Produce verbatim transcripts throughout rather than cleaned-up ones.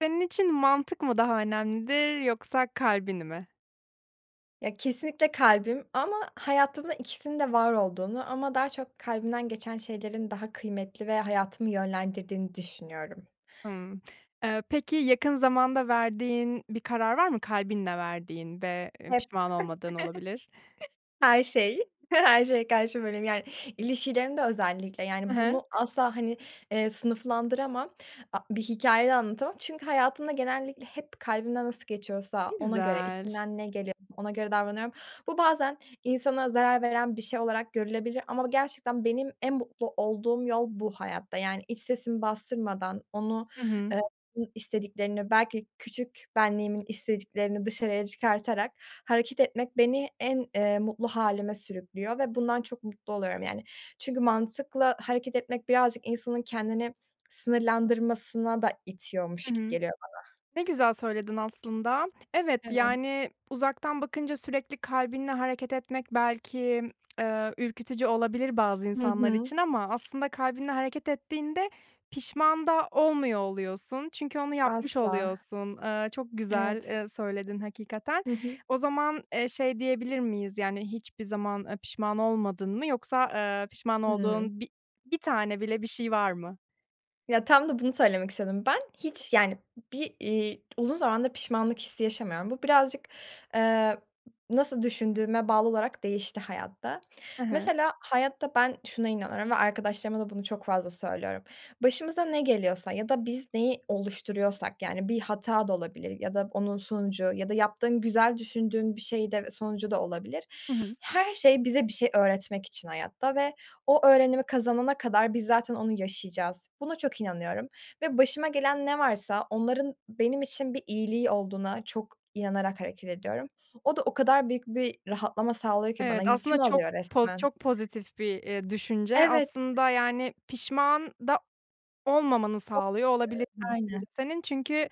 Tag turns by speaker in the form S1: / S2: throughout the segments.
S1: Senin için mantık mı daha önemlidir yoksa kalbin mi?
S2: Ya, kesinlikle kalbim ama hayatımda ikisinin de var olduğunu ama daha çok kalbimden geçen şeylerin daha kıymetli ve hayatımı yönlendirdiğini düşünüyorum.
S1: Hımm. Eee, peki yakın zamanda verdiğin bir karar var mı? Kalbinle verdiğin ve, eee,
S2: Hep,
S1: pişman olmadığın olabilir.
S2: her şey. Her şeye karşı böyleyim, yani. İlişkilerimde özellikle,
S1: He
S2: yani,
S1: he.
S2: bunu asla, hani, eee, sınıflandıramam. A bir hikâye de anlatamam çünkü hayatımda genellikle hep kalbimden nasıl
S1: Ne
S2: geçiyorsa ona göre,
S1: güzel.
S2: içimden ne geliyorsa ona göre davranıyorum. Bu bazen insana zarar veren bir şey olarak görülebilir ama gerçekten benim en mutlu olduğum yol, bu hayatta. Yani iç sesimi bastırmadan, onu,
S1: Hı hı.
S2: eee, [unintelligible] istediklerini belki küçük benliğimin istediklerini dışarıya çıkartarak hareket etmek beni en, eee, mutlu hâlime sürüklüyor ve bundan çok mutlu oluyorum, yani. Çünkü mantıkla hareket etmek birazcık insanın kendini sınırlandırmasına da
S1: Hı
S2: itiyormuş gibi
S1: hı.
S2: geliyor bana.
S1: Ne güzel söyledin aslında. Evet,
S2: Evet.
S1: yani, uzaktan bakınca sürekli kalbinle hareket etmek belki, eee, ürkütücü olabilir bazı
S2: Hı
S1: insanlar
S2: hı.
S1: için ama aslında kalbinle hareket ettiğinde pişman da olmuyor oluyorsun. Çünkü onu yapmış
S2: Asla.
S1: oluyorsun. Iıı, çok güzel,
S2: Evet.
S1: eee, söyledin hakikaten.
S2: Hı hı.
S1: O zaman, eee, şey diyebilir miyiz, yani, hiçbir zaman, eee, pişman olmadın mı yoksa, eee, pişman
S2: Hımm.
S1: olduğun bi bir tane bile bir şey var mı?
S2: Ya, tam da bunu söylemek istedim ben. Hiç, yani, bir, iii, uzun zamandır pişmanlık hissi yaşamıyorum. Bu birazcık, eee, nasıl düşündüğüme bağlı olarak değişti hayatta.
S1: Hı hı.
S2: Mesela, hayatta ben şuna inanıyorum ve arkadaşlarıma da bunu çok fazla söylüyorum. Başımıza ne geliyorsa ya da biz neyi oluşturuyorsak, yani, bir hata da olabilir ya da onun sonucu ya da yaptığın güzel düşündüğün bir şey de ve sonucu da olabilir.
S1: Hı hı.
S2: Her şey bize bir şey öğretmek için hayatta ve o öğrenimi kazanana kadar biz zaten onu yaşayacağız. Buna çok inanıyorum ve başıma gelen ne varsa onların benim için bir iyiliği olduğuna çok inanarak hareket ediyorum. O da o kadar büyük bir rahatlama sağlıyor ki bana.
S1: Evet, aslında
S2: Yükümü
S1: çok
S2: alıyor
S1: poz
S2: resmen.
S1: çok pozitif bir, iii, düşünce.
S2: Evet.
S1: Aslında, yani, pişman da olmamanı sağlıyor olabilir bu
S2: [unintelligible]
S1: düşünce
S2: Aynen.
S1: senin. Çünkü,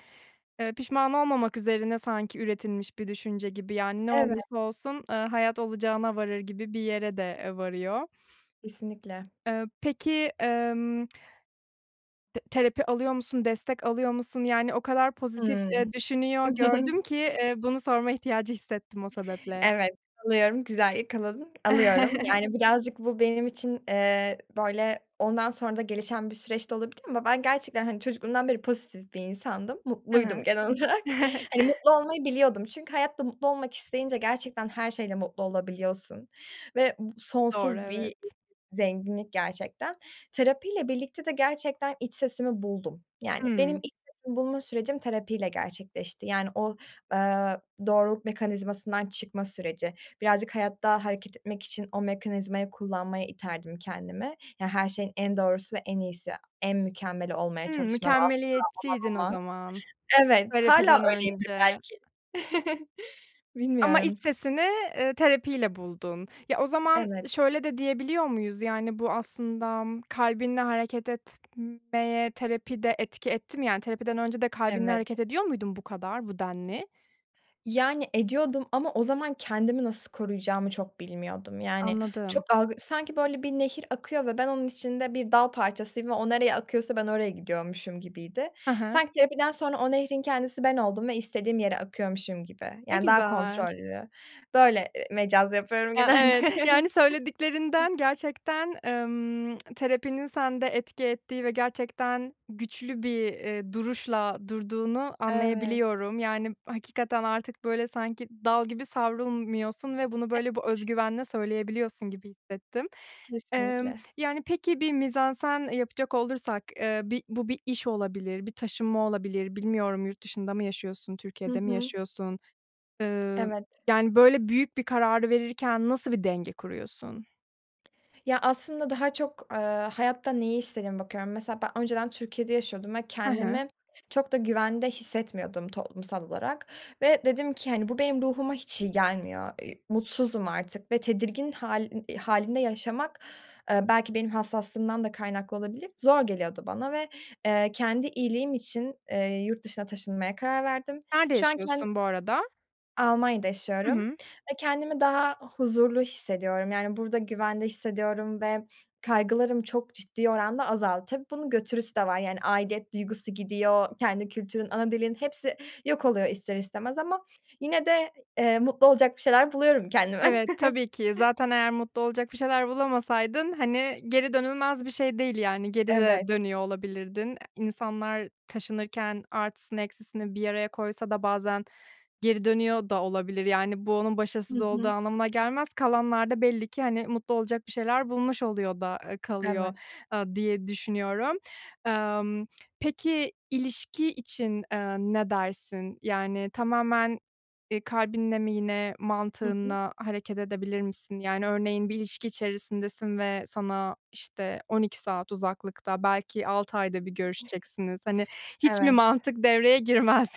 S1: eee, pişman olmamak üzerine sanki üretilmiş bir düşünce gibi, yani, ne
S2: Evet.
S1: olursa olsun, eee, hayat olacağına varır gibi bir yere de, eee, varıyor.
S2: Kesinlikle.
S1: Eee, peki, emm, te terapi alıyor musun, destek alıyor musun? Yani o kadar pozitif,
S2: Hıı.
S1: eee, düşünüyor gördüm ki, eee, bunu sorma ihtiyacı hissettim o sebeple.
S2: Evet, alıyorum, güzel yakaladın. Alıyorum. Yani birazcık bu benim için, eee, böyle ondan sonra da gelişen bir süreç de olabilir ama ben gerçekten, hani, çocukluğumdan beri pozitif bir insandım.
S1: Hı
S2: Mutluydum
S1: hı.
S2: genel olarak. Hani, mutlu olmayı biliyordum. Çünkü hayatta mutlu olmak isteyince gerçekten her şeyle mutlu olabiliyorsun ve bu
S1: Doğru,
S2: sonsuz bir
S1: evet.
S2: zenginlik gerçekten. Terapiyle birlikte de gerçekten iç sesimi buldum. Yani benim
S1: Hımm.
S2: iç sesimi bulma sürecim terapiyle gerçekleşti. Yani o, eee, doğruluk mekanizmasından çıkma süreci, birazcık hayatta hareket etmek için o mekanizmayı kullanmaya iterdim kendimi. Ya her şeyin en doğrusu ve en iyisi, en mükemmeli olmaya
S1: Hımm.
S2: çalışma ve asla
S1: Mükemmeliyetçiydin o
S2: olamama.
S1: zaman.
S2: Evet, hâlâ
S1: Terapiden
S2: öyleyimdir
S1: önce.
S2: belki.
S1: Ama iç
S2: Bilmiyorum.
S1: sesini, eee, terapiyle buldun. Ya o zaman,
S2: Evet.
S1: ı şöyle de diyebiliyor muyuz? Yani bu aslında kalbinle hareket etmeye terapi de etki etti mi, yani terapiden önce de kalbinle
S2: Evet.
S1: hareket ediyor muydun bu kadar, bu denli?
S2: Yani ediyordum ama o zaman kendimi nasıl koruyacağımı çok bilmiyordum. Yani
S1: Anladım.
S2: çok algı sanki böyle bir nehir akıyor ve ben onun içinde bir dal parçasıyım ve o nereye akıyorsa ben oraya gidiyormuşum gibiydi.
S1: Hı hı.
S2: Sanki terapiden sonra o nehrin kendisi ben oldum ve istediğim yere akıyormuşum gibi.
S1: Ne
S2: Yani daha
S1: güzel.
S2: kontrollü. Böyle, eee, mecaz yapıyorum
S1: Ya,
S2: genelde.
S1: evet yani söylediklerinden gerçekten, emm, terapinin sende etki ettiği ve gerçekten güçlü bir, eee, duruşla durduğunu
S2: Evet.
S1: anlayabiliyorum. Yani hakikaten artık, böyle, sanki dal gibi savrulmuyorsun ve bunu böyle bu öz
S2: [unintelligible]
S1: güvenle söyleyebiliyorsun gibi hissettim. Emm,
S2: Kesinlikle.
S1: yani peki bir mizansen, eee, yapacak olursak, eee, bir bu bir iş olabilir, bir taşınma olabilir. Bilmiyorum yurt dışında mı yaşıyorsun,
S2: Hı
S1: Türkiye'de mi
S2: hı.
S1: yaşıyorsun? Iıı,
S2: Evet.
S1: yani böyle büyük bir kararı verirken nasıl bir denge kuruyorsun?
S2: Ya, aslında daha çok, eee, hayatta neyi istediğime bakıyorum. Mesela, ben önceden Türkiye'de yaşıyordum ve
S1: Hı hı.
S2: kendimi çok da güvende hissetmiyordum toplumsal olarak ve dedim ki, hani, bu benim ruhuma hiç iyi gelmiyor, eee, mutsuzum artık ve tedirgin hâlin hâlinde yaşamak, eee, belki benim hassaslığımdan da kaynaklı olabilir, zor geliyordu bana ve, eee, kendi iyiliğim için, eee, yurt dışına taşınmaya karar verdim.
S1: Nerede
S2: Şu an ken
S1: yaşıyorsun bu arada?
S2: Almanya'da
S1: Hı
S2: yaşıyorum
S1: hı.
S2: ve kendimi daha huzurlu hissediyorum. Yani, burada güvende hissediyorum ve kaygılarım çok ciddi oranda azaldı. Tabii bunun götürüsü de var, yani, aidiyet duygusu gidiyor, kendi kültürün, ana dilin hepsi yok oluyor ister istemez ama yine de, eee, mutlu olacak bir şeyler buluyorum kendime.
S1: Evet, tabii ki, zaten eğer mutlu olacak bir şeyler bulamasaydın, hani, geri dönülmez bir şey değil, yani, geri de
S2: Evet.
S1: dönüyor olabilirdin. İnsanlar taşınırken artısını eksisini bir araya koysa da bazen geri dönüyor da olabilir. Yani, bu onun
S2: Hı
S1: başarısız olduğu
S2: hı.
S1: anlamına gelmez. Kalanlar da belli ki, hani, mutlu olacak bir şeyler bulmuş oluyor da, eee, kalıyor,
S2: Evet.
S1: aaa, diye düşünüyorum. Emm, peki, ilişki için, eee, ne dersin? Yani, tamamen, eee, kalbinle mi yine
S2: Hı hı.
S1: mantığınla hareket edebilir misin? Yani, örneğin bir ilişki içerisindesin ve sana, işte, on iki saat uzaklıkta, belki altı ayda bir görüşeceksiniz. Hani, hiç mi
S2: Evet.
S1: mantık devreye girmez?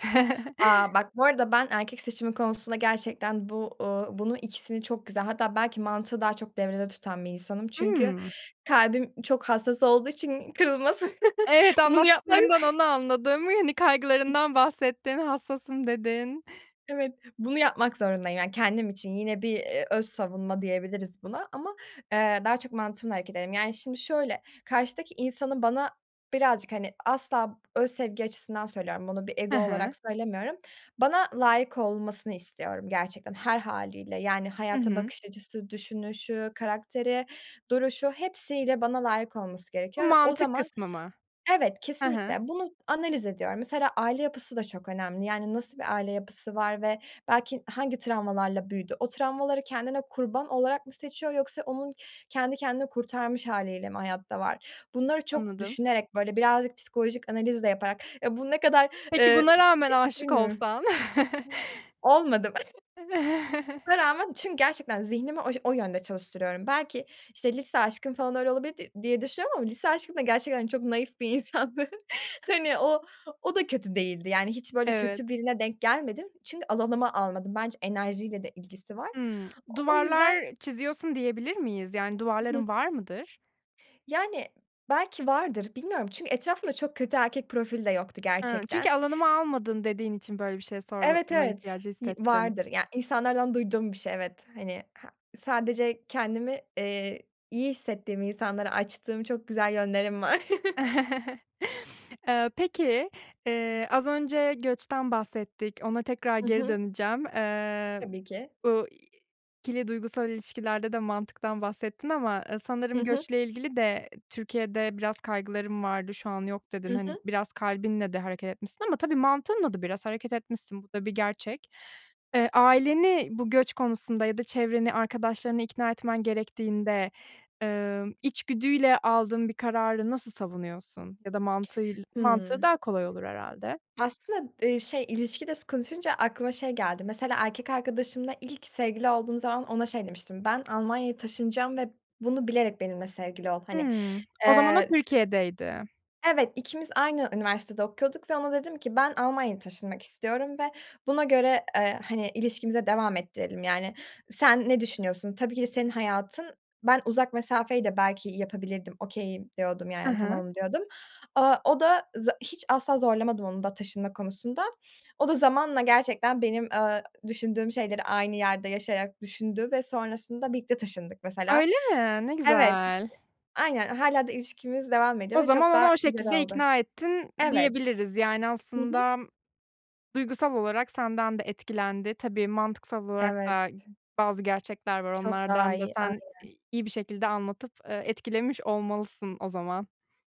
S2: A, bak bu arada ben erkek seçimi konusunda gerçekten bu, ııı, bunu ikisini çok güzel hatta belki mantığı daha çok devrede tutan bir insanım. Çünkü
S1: Hıı.
S2: kalbim çok hassas olduğu için kırılması,
S1: Evet,
S2: bunu yapmak
S1: anlattıklarından onu anladım, yeni kaygılarından bahsettin, hassasım dedin.
S2: Evet, bunu yapmak zorundayım, yani, kendim için. Yine bir, eee, öz savunma diyebiliriz buna ama, eee, daha çok mantığımla hareket ederim. Yani, şimdi şöyle, karşıdaki insanın bana birazcık, hani, asla öz sevgi açısından söylüyorum, bunu bir
S1: He
S2: ego
S1: he.
S2: olarak söylemiyorum, bana layık olmasını istiyorum gerçekten, her hâliyle. Yani,
S1: Hı
S2: hayata
S1: hı.
S2: bakış açısı, düşünüşü, karakteri, duruşu, hepsiyle bana layık olması
S1: Bu
S2: gerekiyor ve o
S1: mantık
S2: zaman
S1: kısmı mı?
S2: evet,
S1: He he.
S2: kesinlikle. Bunu analiz ediyorum. Mesela aile yapısı da çok önemli. Yani, nasıl bir aile yapısı var ve belki hangi travmalarla büyüdü? O travmaları kendine kurban olarak mı seçiyor yoksa onun kendi kendini kurtarmış hâliyle mi hayatta var? Bunları çok
S1: Anladım.
S2: düşünerek, böyle, birazcık psikolojik analiz de yaparak, ya, bu ne kadar, ııı,
S1: Peki,
S2: e
S1: buna rağmen
S2: etik
S1: aşık
S2: bilmiyorum.
S1: olsan.
S2: Olmadı mı? Buna rağmen, çünkü gerçekten zihnimi o o yönde çalıştırıyorum. Belki, işte, lise aşkım falan öyle olabilirdi diye düşünüyorum ama lise aşkım da gerçekten çok naif bir insandı, hani, o o da kötü değildi, yani, hiç, böyle,
S1: Evet.
S2: kötü birine denk gelmedim. Çünkü alanıma almadım, bence enerjiyle de ilgisi var.
S1: Hımm.
S2: O yüzden
S1: Duvarlar çiziyorsun diyebilir miyiz? Yani, duvarların
S2: [unintelligible]
S1: var mıdır?
S2: Yani, belki vardır, bilmiyorum. Çünkü etrafımda çok kötü erkek profili de yoktu,
S1: Hı. Çünkü
S2: gerçekten.
S1: alanıma almadın dediğin için böyle bir şey
S2: Evet,
S1: sorma
S2: evet,
S1: ihtiyacı
S2: y
S1: hissettim.
S2: vardır. Ya, insanlardan duyduğum bir şey, evet. Hani, ha sadece kendimi, eee, iyi hissettiğim insanlara açtığım çok güzel yönlerim var.
S1: Eee, peki, eee, az önce göçten bahsettik, ona tekrar
S2: Hı
S1: geri
S2: hı.
S1: döneceğim. Eee,
S2: Tabii ki.
S1: bu i ikili duygusal ilişkilerde de mantıktan bahsettin ama, ııı,
S2: Hı
S1: sanırım
S2: hı.
S1: göçle ilgili de Türkiye'de biraz kaygılarım vardı, şu an yok, dedin.
S2: Hı
S1: Hani,
S2: hı.
S1: biraz kalbinle de hareket etmişsin ama tabii mantığınla da biraz hareket etmişsin. Bu da bir gerçek. Eee, aileni bu göç konusunda ya da çevreni, arkadaşlarını ikna etmen gerektiğinde, ımm, içgüdüyle aldığın bir kararı nasıl savunuyorsun? Ya da mantığıyla, mantığı
S2: Hıı.
S1: daha kolay olur herhâlde.
S2: Aslında, eee, şey, ilişki de s konuşunca aklıma şey geldi. Mesela, erkek arkadaşımla ilk sevgili olduğum zaman ona şey demiştim, "Ben Almanya'ya taşınacağım ve bunu bilerek benimle sevgili ol." Hani,
S1: Hımm. O zaman o
S2: eee, s
S1: Türkiye'deydi.
S2: Evet, ikimiz aynı üniversitede okuyorduk ve ona dedim ki, "Ben Almanya'ya taşınmak istiyorum ve buna göre, eee, hani, ilişkimize devam ettirelim, yani. Sen ne düşünüyorsun? Tabii ki de senin hayatın, ben uzak mesafeyi de belki yapabilirdim, okay'im" diyordum,
S1: He
S2: yani,
S1: he.
S2: tamamım diyordum. Aaa, o da za hiç asla zorlamadım onu da taşınma konusunda. O da zamanla gerçekten benim, eee, düşündüğüm şeyleri aynı yerde yaşayarak düşündü ve sonrasında birlikte taşındık, mesela.
S1: Öyle mi? Ne
S2: Evet,
S1: güzel.
S2: aynen. Hâlâ da ilişkimiz devam ediyor
S1: O
S2: ve
S1: zaman
S2: çok daha
S1: onu o
S2: güzel
S1: şekilde
S2: oldu.
S1: ikna ettin,
S2: Evet.
S1: diyebiliriz. Yani,
S2: Hı hı.
S1: aslında duygusal olarak senden de etkilendi. Tabii, mantıksal olarak
S2: Evet.
S1: da bazı gerçekler var.
S2: Çok daha
S1: Onlardan da
S2: iyi,
S1: sen
S2: aynen.
S1: i iyi bir şekilde anlatıp, eee, etkilemiş olmalısın o zaman.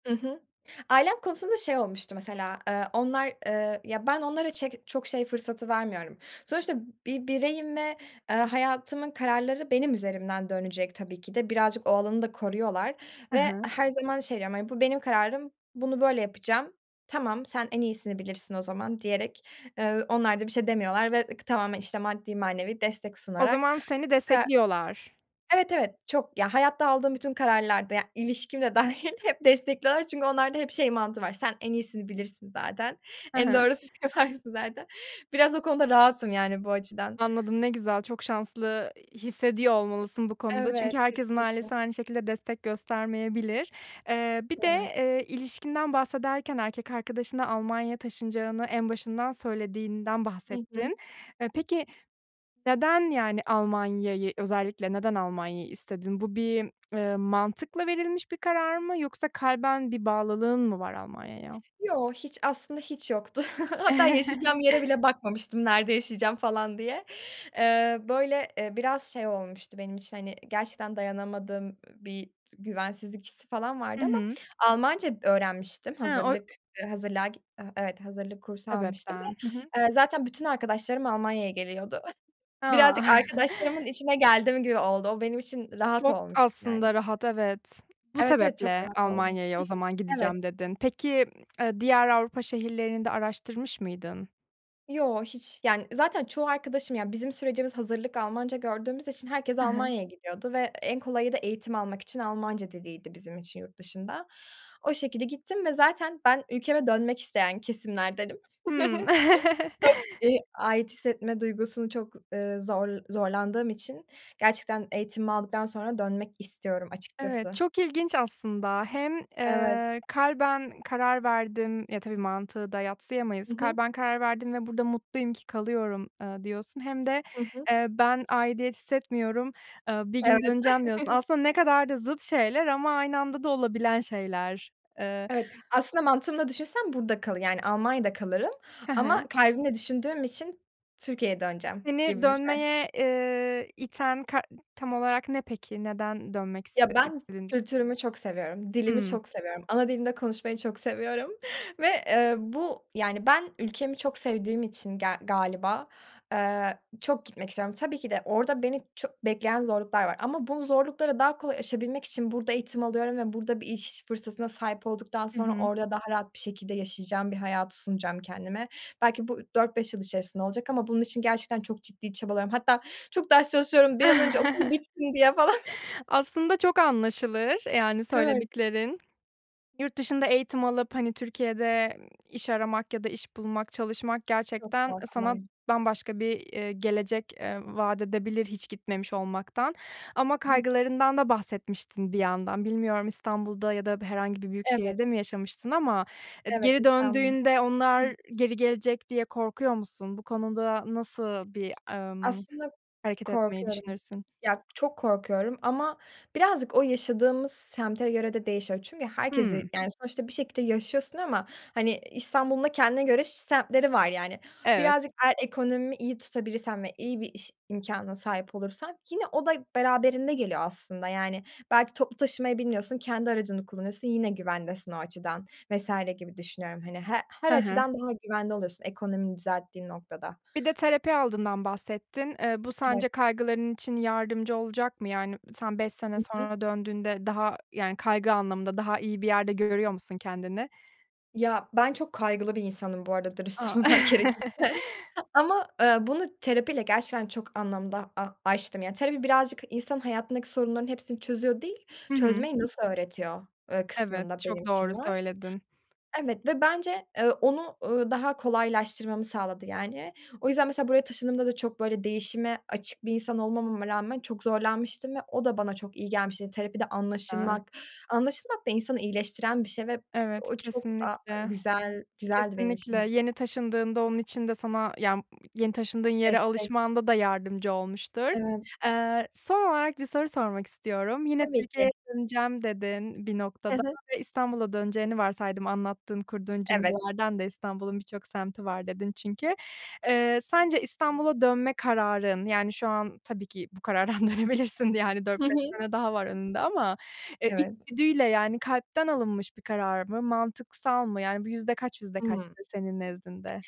S2: Hı hı. Ailem konusunda şey olmuştu mesela: Eee, onlar, eee, ya ben onlara çek çok şey fırsatı vermiyorum. Sonuçta bir bireyim ve, eee, hayatımın kararları benim üzerimden dönecek tabii ki de. Birazcık o alanı da koruyorlar
S1: He
S2: ve
S1: he.
S2: her zaman şey diyorum, hani, "Bu benim kararım, bunu böyle yapacağım"; "Tamam, sen en iyisini bilirsin o zaman." diyerek, eee, onlar da bir şey demiyorlar ve ık tamamen, işte, maddi, manevi destek
S1: O
S2: sunarak,
S1: zaman seni
S2: eee
S1: destekliyorlar.
S2: Evet, evet. Çok. Ya, hayatta aldığım bütün kararlarda, ya, ilişkim de dâ -hil hep destekliyorlar çünkü onlarda hep şey mantığı var: Sen en iyisini bilirsin zaten,
S1: He
S2: en
S1: he.
S2: doğrusunu yaparsın zaten. Biraz o konuda rahatım yani bu açıdan.
S1: Anladım, ne güzel. Çok şanslı, iii, hissediyor olmalısın bu konuda çünkü
S2: Evet,
S1: herkesin
S2: kesinlikle.
S1: ailesi aynı şekilde destek göstermeyebilir. Eee, bir de,
S2: Evet.
S1: eee, ilişkinden bahsederken erkek arkadaşına Almanya'ya taşınacağını en başından söylediğinden
S2: Hı hı.
S1: bahsettin. Eee, peki neden, yani, Almanya'yı, özellikle neden Almanya'yı istedin? Bu bir, ııı, mantıkla verilmiş bir karar mı yoksa kalben bir bağlılığın mı var Almanya'ya?
S2: Yo. Hiç, aslında hiç yoktu. Hatta yaşayacağım yere bile bakmamıştım "Nerede yaşayacağım?" falan diye. Eee, böyle, ııı, biraz şey olmuştu benim için, hani, gerçekten dayanamadığım bir güvensizlik hissi falan
S1: Hı
S2: vardı ama
S1: hı.
S2: Almanca öğrenmiştim.
S1: He, o
S2: Hazırlık, ııı, hazırlığa git Evet. Hazırlık kursu almıştım ve,
S1: sebepten. Hı hı.
S2: eee, zaten bütün arkadaşlarım Almanya'ya geliyordu.
S1: A!
S2: Birazcık arkadaşlarımın içine geldim gibi oldu. O benim için rahat
S1: Çok,
S2: olmuştu yani.
S1: aslında rahat, evet. Bu
S2: Evet, evet. Çok
S1: sebeple
S2: rahat oldu.
S1: Almanya'ya, o zaman,
S2: Hı hı. Evet.
S1: gideceğim, dedin. Peki, ııı, diğer Avrupa şehirlerini de araştırmış mıydın?
S2: Yo, hiç Yani zaten çoğu arkadaşım yani bizim sürecimiz, hazırlık Almanca gördüğümüz için herkes
S1: Hı hı.
S2: Almanya'ya gidiyordu ve en kolayı da eğitim almak için Almanca diliydi bizim için yurt dışında. O şekilde gittim ve zaten ben ülkeme dönmek isteyen kesimlerdenim.
S1: Hımm.
S2: Çok ııı, ait hissetme duygusunu çok, ııı, zor zorlandığım için gerçekten eğitimimi aldıktan sonra dönmek istiyorum
S1: Evet,
S2: açıkçası.
S1: çok ilginç aslında. Hem,
S2: Evet.
S1: ııı, kalben karar verdim Ya, tabii, mantığı da yadsıyamayız.
S2: Hı hı.
S1: Kalben karar verdim ve burada mutluyum ki kalıyorum, ııı, diyorsun hem de,
S2: Hı hı.
S1: ııı, ben aidiyet hissetmiyorum, ııı bir gün
S2: Evet.
S1: döneceğim, diyorsun. Aslında ne kadar da zıt şeyler ama aynı anda da olabilen şeyler. Iıı
S2: Evet. Aslında mantığımla da düşünsem burada kalır yani Almanya'da kalırım
S1: Hı
S2: ama
S1: hı.
S2: kalbimle düşündüğüm için Türkiye'ye döneceğim
S1: Seni
S2: gibi bir şey.
S1: dönmeye, ııı, iten kar tam olarak ne peki? Neden dönmek
S2: Ya,
S1: iste
S2: ben
S1: istedin?
S2: kültürümü çok seviyorum. Dilimi
S1: Hımm.
S2: çok seviyorum. Ana dilimde konuşmayı çok seviyorum ve ııı bu, yani ben ülkemi çok sevdiğim için ger galiba, ııı, çok gitmek istiyorum. Tabii ki de orada beni çok bekleyen zorluklar var ama bu zorlukları daha kolay yaşayabilmek için burada eğitim alıyorum ve burada bir iş fırsatına sahip olduktan
S1: Hı
S2: sonra
S1: hı.
S2: orada daha rahat bir şekilde yaşayacağım bir hayatı sunacağım kendime. Belki bu dört beş yıl içerisinde olacak ama bunun için gerçekten çok ciddi çabalıyorum. Hatta çok ders çalışıyorum, bir an önce okul bitsin diye falan.
S1: Aslında çok anlaşılır yani
S2: Evet.
S1: söylediklerin. Yurt dışında eğitim alıp hani Türkiye'de iş aramak ya da iş bulmak, çalışmak
S2: Çok
S1: gerçekten sana
S2: haklı.
S1: bambaşka bir, ııı, gelecek, eee, vaat edebilir hiç gitmemiş olmaktan ama
S2: Hı hı.
S1: kaygılarından da bahsetmiştin bir yandan. Bilmiyorum, İstanbul'da ya da herhangi bir
S2: Evet.
S1: büyükşehirde mi yaşamıştın ama
S2: Evet,
S1: geri
S2: İstanbul.
S1: döndüğünde onlar
S2: Iıı
S1: geri gelecek diye korkuyor musun? Bu konuda nasıl bir, ımm,
S2: Aslında
S1: hareket etmeyi
S2: korkuyorum.
S1: düşünürsün?
S2: Ya, çok korkuyorum ama birazcık o yaşadığımız semte göre de değişiyor. Çünkü
S1: Hıı.
S2: herkesi, yani, sonuçta bir şekilde yaşıyorsun ama, hani, İstanbul'un da kendine göre ş semtleri var yani.
S1: Evet.
S2: Birazcık eğer ekonomi iyi tutabilirsen ve iyi bir iş imkânına sahip olursan yine o da beraberinde geliyor aslında yani. Belki toplu taşımaya binmiyorsun, kendi aracını kullanıyorsun, yine güvendesin o açıdan vs. gibi düşünüyorum hani. He her
S1: Hı hı.
S2: açıdan daha güvende oluyorsun ekonomini düzelttiğin noktada.
S1: Bir de terapi aldığından bahsettin. Iıı, bu
S2: Evet.
S1: sence kaygıların için yardımcı olacak mı? Yani sen beş sene
S2: Hı hı.
S1: sonra döndüğünde daha yani kaygı anlamında daha iyi bir yerde görüyor musun kendini?
S2: Ya, ben çok kaygılı bir insanım bu arada
S1: A.
S2: dürüst olmak gerekirse ama, eee, bunu terapiyle gerçekten çok anlamda a aştım. Yani, terapi birazcık insanın hayatındaki sorunların hepsini çözüyor değil,
S1: Hı hı.
S2: çözmeyi nasıl öğretiyor, ööö,
S1: Evet.
S2: kısmında benim
S1: Çok
S2: için
S1: doğru
S2: var.
S1: söyledin.
S2: Evet ve bence, eee, onu, ööö, daha kolaylaştırmamı sağladı, yani. O yüzden mesela buraya taşındığımda da çok böyle değişime açık bir insan olmamama rağmen çok zorlanmıştım ve o da bana çok iyi gelmişti. Terapide
S1: A.
S2: anlaşılmak. Anlaşılmak da insanı iyileştiren bir şey ve
S1: Evet.
S2: o çok, aaa,
S1: Kesinlikle.
S2: güzel güzeldi benim
S1: Kesinlikle.
S2: için.
S1: Yeni taşındığında onun için de sana ya, mmm, yeni taşındığın yere
S2: Destek.
S1: alışmanda da yardımcı olmuştur.
S2: Evet.
S1: Aaa, son olarak bir soru sormak istiyorum. "Yine
S2: Tabii ki.
S1: Türkiye'ye döneceğim" dedin, "...bir
S2: Hı
S1: noktada."
S2: hı.
S1: ve İstanbul'a döneceğini varsaydım anlattığın, kurduğun
S2: Evet.
S1: cümlelerden de: "İstanbul'un birçok semti var." dedin çünkü. Eee, sence İstanbul'a dönme kararın, yani, şu an tabii ki bu karardan dönebilirsin yani
S2: Hı
S1: dört beş
S2: hı.
S1: sene daha var önünde ama, eee,
S2: Evet.
S1: içgüdüyle yani kalpten alınmış bir karar mı? Mantıksal mı? Yani, bu yüzde kaç, yüzde
S2: Hımm.
S1: kaçtır senin nezdinde?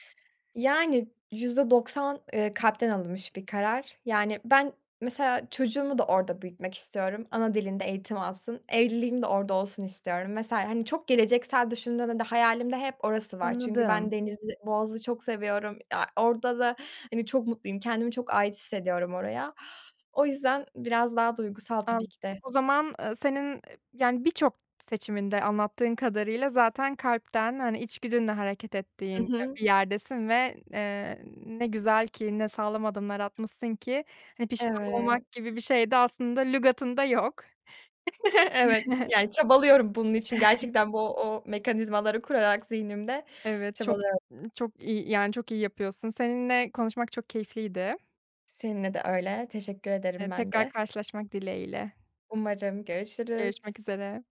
S2: Yani, yüzde doksan eee, kalpten alınmış bir karar. Yani, ben mesela çocuğumu da orada büyütmek istiyorum. Ana dilinde eğitim alsın. Evliliğim de orada olsun istiyorum. Mesela, hani, çok geleceksel düşündüğünde de hayalimde hep orası var çünkü ben
S1: Anladım.
S2: denizi, boğazı çok seviyorum. Ya, orada da, hani, çok mutluyum. Kendimi çok ait hissediyorum oraya. O yüzden biraz daha duygusal
S1: Al
S2: tabii ki de.
S1: O zaman, ııı, senin e yani, birçok seçiminde anlattığın kadarıyla zaten kalpten, hani, içgüdünle hareket
S2: I
S1: ettiğin
S2: hı.
S1: bir yerdesin ve n eee, ne güzel ki ne sağlam adımlar atmışsın ki, hani, pişman
S2: Evet.
S1: olmak gibi bir şey de aslında lügatında yok.
S2: Evet, yani, çabalıyorum bunun için
S1: [unintelligible]
S2: gerçekten bu o mekanizmaları kurarak zihnimde
S1: Evet. Çok,
S2: çabalıyorum.
S1: ııı, çok iyi, yani, çok iyi yapıyorsun. Seninle konuşmak çok keyifliydi.
S2: Seninle de öyle, teşekkür
S1: Eee,
S2: ederim ben
S1: tekrar
S2: de.
S1: karşılaşmak dileğiyle.
S2: Umarım.
S1: Görüşmek
S2: Görüşürüz.
S1: üzere.